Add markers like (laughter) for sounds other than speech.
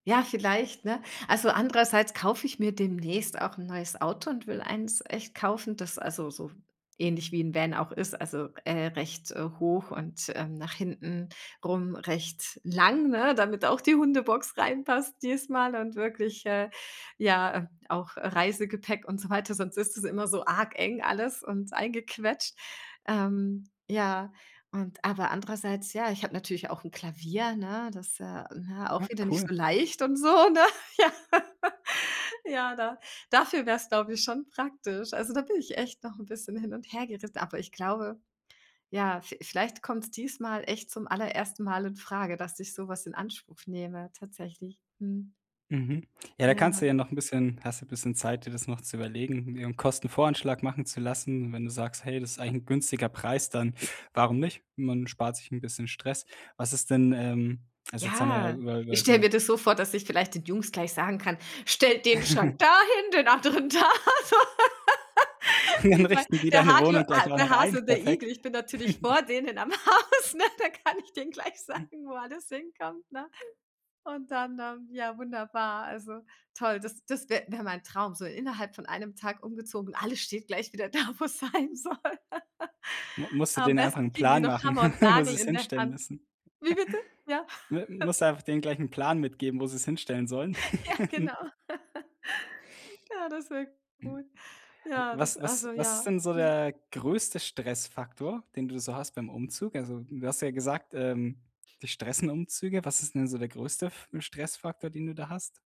Ja, vielleicht, ne? Also, andererseits kaufe ich mir demnächst auch 'n neues Auto und will eins echt kaufen, das also so ähnlich wie Van auch ist, also, äh, recht hoch und, ähm, nach hinten rum recht lang, ne, damit auch die Hundebox reinpasst diesmal und wirklich, äh, ja, ähm, auch, äh, Reisegepäck und so weiter, sonst ist es immer so arg eng alles und eingequetscht. Ähm, ja, und aber andererseits Ja, ich habe natürlich ja auch 'n Klavier, ne, das, äh, ne, Ah, auch wieder nicht cool. so leicht und so, ne? (laughs) Ja. Ja, da dafür wäre es, glaub ich, schon praktisch. Also, da bin ich echt noch 'n bisschen hin und hergeri aber ich glaube, ja, vie vielleicht kommt's diesmal echt zum allerersten Mal infrage, dass ich so was in Anspruch nehme tatsächlich. Mhm. Mhm. Ja, da Ja. kannst du ja noch 'n bisschen hast du bisschen Zeit, dir das noch zu überlegen, dir 'n Kostenvoranschlag machen zu lassen. Wenn du sagst: „Hey, das ist eigentlich 'n günstiger Preis“, dann warum nicht? Man spart sich 'n bisschen Stress. Was ist denn, ähm also, jetzt haben wir ja Ja. über Ich über stelle so mir das so vor, dass ich vielleicht den Jungs gleich sagen kann: „Stellt den Schrank (giggles) dahin, den anderen da“, so. (laughs) (chuckles) Dann Wie bei richten die der deine Wohnung Harte Ha gleich auch der noch ein, Hase und der perfekt. Igel. Ich bin natürlich (giggles) vor denen am Haus, ne? Da kann ich denen gleich sagen, wo alles hinkommt, ne? Und dann, ähm, ja wunderbar, also toll das das wäre wäre mein Traum, so innerhalb von einem Tag umgezogen und alles steht gleich wieder da, wo es sein soll. Mu (laughs) musst du Am denen einfach besten 'n kriegen die Plan noch machen, Hammer und (chuckles) wo Nagel sie es in der hinstellen Hand. müssen. Wie bitte? Ja. (chuckles) M (chuckles) Musst du einfach denen gleich 'n Plan mitgeben, wo sie es hinstellen sollen? Ja, genau. (giggles) (laughs) Ja, das wirkt gut. Ja, das Was was also, was ist ja. denn so Mhm. der größte Stressfaktor, den du so hast beim Umzug? Also, du hast ja gesagt, ähm, dich stressen Umzüge, was ist denn so der größte F Stressfaktor, den du da hast?